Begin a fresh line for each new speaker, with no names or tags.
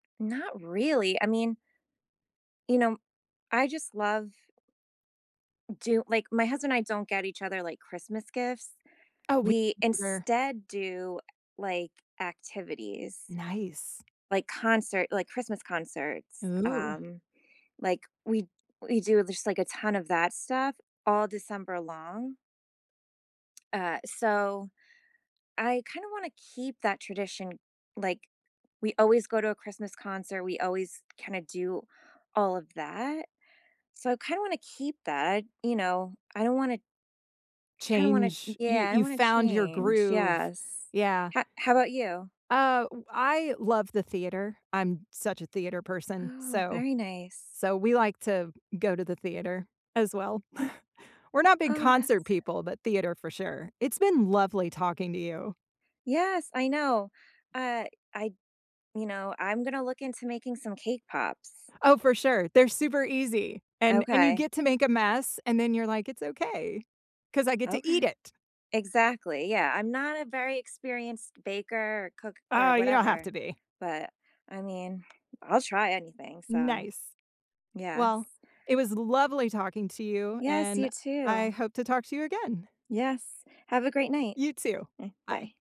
Not really, I mean you know, I just love do like, my husband and I don't get each other, like, Christmas gifts.
Oh, we
We
don't either.
instead do, like, activities.
Nice.
Like concert like Christmas concerts,
Ooh.
um, like, we we do just, like, a ton of that stuff all December long. Uh, so, I kinda wanna keep that tradition, like, we always go to a Christmas concert, we always kinda do all of that, so I kinda wanna keep that, you know? I don't wanna kinda wanna
Change, you
Yeah, I don't
you
wanna
found your
change,
groove.
yes.
Yeah.
Ho how 'bout you?
Uh, w I love the theater, I'm such a theater person,
Oh,
so
very nice.
so we like to go to the theater, as well. We're not big
Oh,
concert
that's
people, but theater for sure, it's been lovely talking to you.
Yes, I know, uh, I you know, I'm gonna look into making some cake pops.
Oh, for sure, they're super easy, and and you
Okay.
get to make a mess, and then you're like, "It's okay. 'Cause I get to eat
Okay.
it."
Exactly, yeah, I'm not a very experienced baker or cook or
Oh, you don't have
whatever,
to be.
but, I mean, I'll try anything, so
Nice. Well,
yes.
it was lovely talking to you,
Yes, you,
and I
too.
hope to talk to you again.
Yes. Have a great night.
You, too.
Mm, bye.
Bye.